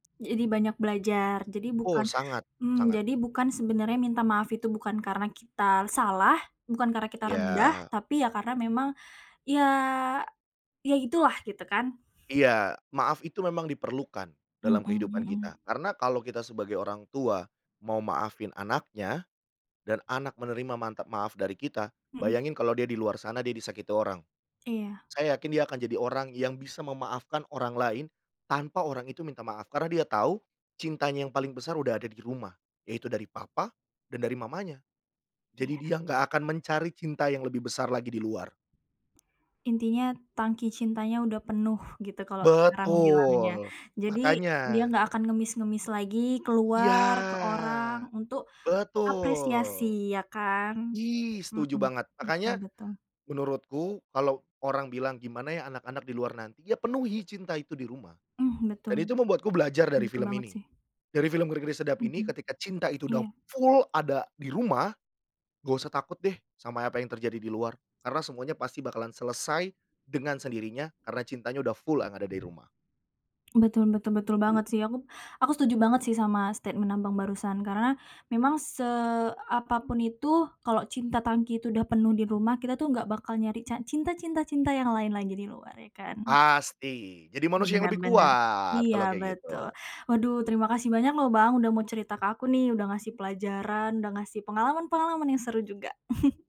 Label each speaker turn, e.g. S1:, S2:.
S1: Jadi banyak belajar, jadi bukan
S2: Oh, sangat
S1: mhm,
S2: sangat.
S1: jadi bukan sebenarnya minta maaf itu bukan karena kita salah, bukan karena kita rendah
S2: Iya.
S1: tapi ya karena memang iya, iya itu lah gitu kan.
S2: Iya. Maaf itu memang diperlukan
S1: Mhm
S2: dalam kehidupan
S1: mhm.
S2: kita, karena kalau kita sebagai orang tua mau maafin anaknya dan anak menerima mantap maaf dari kita,
S1: Mhm.
S2: bayangin kalau dia di luar sana dia disakiti orang.
S1: Iya.
S2: Saya yakin dia akan jadi orang yang bisa memaafkan orang lain, tanpa orang itu minta maaf karena dia tahu cintanya yang paling besar sudah ada di rumah, yaitu dari papa dan dari mamanya. Jadi
S1: Iya.
S2: dia enggak akan mencari cinta yang lebih besar lagi di luar.
S1: Intinya, tangki cintanya udah penuh gitu, kalo sekarang bilangnya.
S2: Betul,
S1: Jadi
S2: makanya.
S1: dia enggak akan ngemis-ngemis lagi
S2: Iya.
S1: keluar, ke orang untuk apresiasi,
S2: Betul.
S1: iya kan.
S2: Ih, setuju
S1: Mhm,
S2: banget,
S1: betul
S2: makanya
S1: betul.
S2: menurutku kalau orang bilang, "Gimana ya anak-anak di luar nanti?" ya penuhi cinta itu di rumah
S1: Eh, betul.
S2: dan itu membuatku belajar dari
S1: Betul
S2: film
S1: banget
S2: ini,
S1: sih.
S2: dari film Ngeri Ngeri Sedap ini
S1: Mhm,
S2: ketika cinta itu sudah
S1: iya.
S2: full ada di rumah, enggak usah takut deh sama apa yang terjadi di luar karena semuanya pasti bakalan selesai dengan sendirinya karena cintanya udah full yang ada dari rumah.
S1: Betul betul betul banget sih. Aku aku setuju banget sih sama statement Abang barusan. Karena memang seapapun itu, kalau cinta tangki itu udah penuh di rumah. Kita tuh enggak bakal nyari ca cinta cinta cinta yang lain lagi di luar, ya kan.
S2: Pasti, jadi manusia yang
S1: Bener
S2: lebih
S1: bener.
S2: kuat
S1: Iya
S2: kalau kayak
S1: betul.
S2: gitu.
S1: Waduh, terima kasih banyak loh Bang, sudah mau cerita ke aku nih, sudah ngasih pelajaran, sudah ngasih pengalaman-pengalaman yang seru juga.